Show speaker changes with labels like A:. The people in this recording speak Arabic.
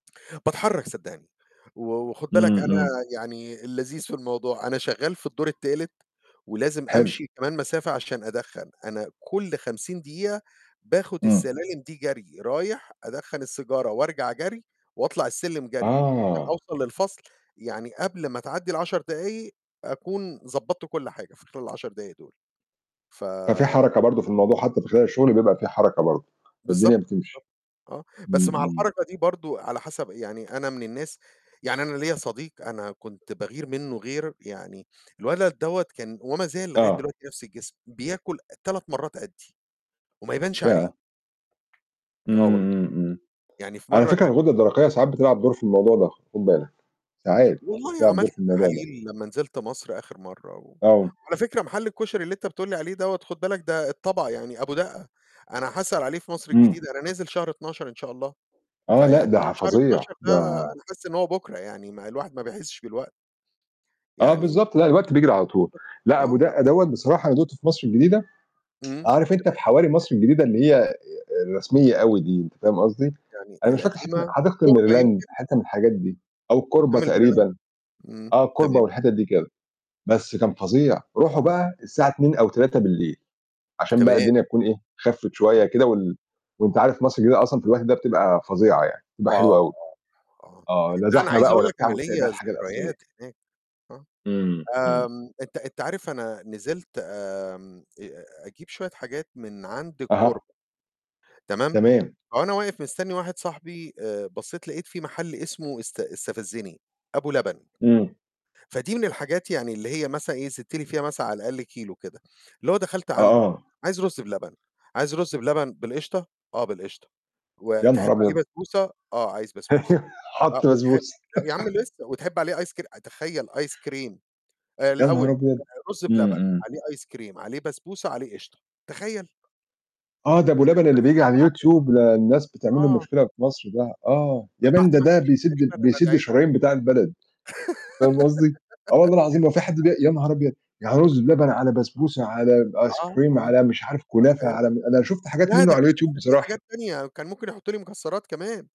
A: باتحرّك صدّقني، و وخُد بالك
B: امم،
A: أنا
B: امم.
A: يعني اللذيذ في الموضوع، أنا شغّال في الدور التالت ولازم
B: حلو.
A: أمشي كمان مسافة عشان أدخّن، أنا كلّ 50 دقيقة باخد
B: امم.
A: السلالم دي جَري، رايح أدخّن السيجارة وأرجع جَري، وأطلع السلم جَري، عشان
B: آه.
A: أوصل للفصل، يعني قبل ما تعدّي ال10 دقايق أكون ضبّطت كلّ حاجة، في خلال ال10 دقايق دول، ف
B: ففي حركة برضه في الموضوع، حتّى في خلال الشغل بيبقى فيه حركة برضه، فالدنيا
A: بالضبط،
B: بتمشي.
A: بالضبط، آه. بس
B: امم،
A: مع
B: امم.
A: الحركة دي برضه على حسب يعني أنا من الناس يعني أنا ليَّ صديق أنا كنت باغير منه غير، يعني الولد دوّة كان وما زال لغاية
B: آه.
A: دلوقتي نفْس الجسم، بياكل أ 3 مرّات قدّي، وما يبانش عليه!
B: ياه!
A: آه والله،
B: امم، امم، امم.
A: يعني في
B: على
A: مرّة
B: فكرة
A: كان
B: الغدّة الدرقيّة ساعات بتلعب دور في الموضوع ده، خُد بالك. ساعات،
A: والله
B: بتلعب دور
A: عملت
B: في الموضوع ده.
A: تحاليل لما نزلت مصر آخر مرّة و
B: آه.
A: وعلى فكرة محل الكشري اللي أنت بتقول لي عليه دوّة خد بالك ده الطبق يعني أبو دقّة. أنا هاسأل عليه في مصر
B: امم.
A: الجديدة، أنا نازل شهر 12 إن شاء الله.
B: آه، لأ
A: فيعني
B: ده
A: شهر
B: فظيع،
A: 12 ده،
B: ده
A: أنا حاسس إن هو بكرة يعني، ما الواحد ما بيحسش بالوقت.
B: آه
A: يعني
B: بالضبط، لأ الوقت بيجري على طول.
A: أ
B: لأ أبو
A: آه.
B: دقّة دوّة بصراحة أنا دُقته في مصر الجديدة،
A: امم،
B: عارف
A: تمام.
B: أنت في حوارى مصر الجديدة اللي هي آآ، الرسميّة أوي دي، أنت فاهم قصدي؟
A: يعني
B: أنا مش فاكر [unintelligible]
A: القديمة؟
B: حديقة
A: كوربة
B: الميريلاند،
A: يمكن؟
B: حتّة من الحاجات دي. أو الكوربة
A: قدّام المريلاند؟
B: تقريبًا.
A: امم،
B: آه الكوربة
A: تمام.
B: والحتت دي كده. بس كان فظيع. روحه
A: اهم.
B: بقى الساعة 02:00 أو 03:00، عشان بقى
A: تمام.
B: الدنيا تكون إيه خفّت شويّة
A: [unintelligible]
B: كده وال وأنت عارف مصر الجديدة أصلًا في الوقت ده بتبقى فظيعة يعني، بتبقى
A: آه،
B: حلوة أوي.
A: آه، آه.
B: آه لا
A: لأ أنا
B: زحمة
A: عايز
B: بقى
A: أقول
B: ولا
A: لك
B: بتاع
A: أنا
B: وتلاقي
A: ليَّ
B: بقى الحاجة الأصليّة.
A: ذكريات هناك، آه.
B: امم، امم.
A: آمم أنت أنت عارف أنا نزلت آمم، أ أجيب شويّة حاجات من عند
B: أها.
A: الكوربة. تمام؟
B: تمام.
A: فوأنا واقف مستنّي واحد صاحبي آآ، بصّيت لقيت في محل اسمه است استفزّني، أبو لبن.
B: امم.
A: فدي من الحاجات يعني اللي هي مثلًا إيه؟ زدت لي فيها مثلًا على الأقل كيلو كده. اللي هو دخلت
B: آه،
A: عنده،
B: آه.
A: "عايز رز بلبن." "عايز رز بلبن بالقشطة؟" "آه بالقشطة."
B: يا نهار
A: "وتحب عليه
B: أبيض!
A: بسبوسة؟" "آه عايز بسبوسة." أ
B: حُط
A: وتحب
B: بسبوسة.
A: يا عم لسّه، وتحب عليه ice cre تخيّل! ice cream! آآ
B: يا نهار
A: الأوّل
B: أبيض!
A: [unintelligible] رز
B: امم،
A: بلبن،
B: امم.
A: عليه ice cream، عليه بسبوسة، عليه قشطة، تخيّل!
B: آه ده أبو لبن
A: [unintelligible]
B: اللي
A: بس
B: بييجي على
A: طَعمه.
B: الYouTube، ده الناس بتعمل له
A: آه.
B: مشكلة في مصر ده. آه، يا man
A: بعد
B: ده
A: ما أنا
B: ده
A: مشيت
B: بيسد ال
A: تقريبًا أنا
B: بيسد
A: دعيت عليه.
B: الشرايين بتاع البلد، فاهم قصدي؟ آه والله العظيم هو في حد
A: [unintelligible]
B: بي يا نهار أبيض! يعني رز بلبن
A: [unintelligible]
B: على بسبوسة على ب Ice
A: آه،
B: cream
A: آه،
B: على مش عارف كنافة
A: تخيّل!
B: على م أنا شُفت حاجات
A: لا
B: منه
A: ده
B: على
A: كان
B: YouTube
A: لسّه في
B: بصراحة.
A: حاجات تانية، كان ممكن يحطوا لي مكسّرات كمان.